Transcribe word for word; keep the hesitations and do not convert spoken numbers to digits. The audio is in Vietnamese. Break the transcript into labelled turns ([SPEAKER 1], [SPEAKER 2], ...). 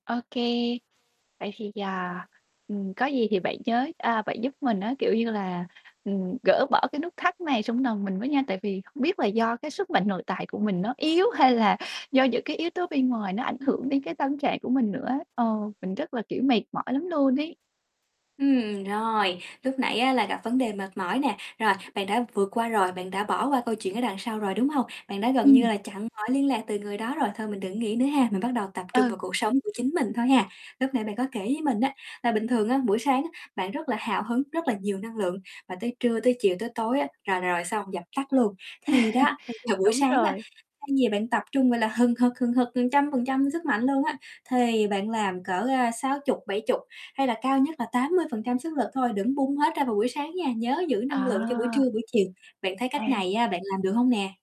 [SPEAKER 1] OK, vậy thì, à, ừm, có gì thì bạn nhớ, à, bạn giúp mình á, kiểu như là, ừm, gỡ bỏ cái nút thắt này trong nòng mình với nha. Tại vì không biết là do cái sức mạnh nội tại của mình nó yếu hay là do những cái yếu tố bên ngoài nó ảnh hưởng đến cái tâm trạng của mình nữa á, ờ, mình rất là, kiểu, mệt mỏi lắm luôn ấy.
[SPEAKER 2] Ừm, rồi, lúc nãy á là gặp vấn đề mệt mỏi nè, rồi, bạn đã vượt qua rồi, bạn đã bỏ qua câu chuyện ở đằng sau rồi, đúng hông? Bạn đã gần như
[SPEAKER 1] Ừm.
[SPEAKER 2] là chặn mọi liên lạc từ người đó rồi, thôi mình đừng nghĩ nữa ha, mình bắt đầu tập trung
[SPEAKER 1] Ừ.
[SPEAKER 2] vào cuộc sống của chính mình thôi ha. Lúc nãy bạn có kể với mình á, là bình thường á, buổi sáng á bạn rất là hào hứng, rất là nhiều năng lượng, và tới trưa, tới chiều, tới tối á là rồi xong, dập tắt luôn. Thì đó, bây giờ buổi
[SPEAKER 1] Đúng
[SPEAKER 2] sáng đó,
[SPEAKER 1] rồi.
[SPEAKER 2] thay vì bạn tập trung, gọi là, hừng hực hừng hực một trăm phần trăm sức mạnh luôn á, thì bạn làm cỡ, a, sáu chục bảy chục, hay là cao nhất là tám mươi phần trăm sức lực thôi, đừng bung hết ra vào buổi sáng nha, nhớ giữ năng lượng cho buổi
[SPEAKER 1] À!
[SPEAKER 2] trưa, buổi chiều. Bạn thấy cách
[SPEAKER 1] À.
[SPEAKER 2] này á bạn làm được hông nè?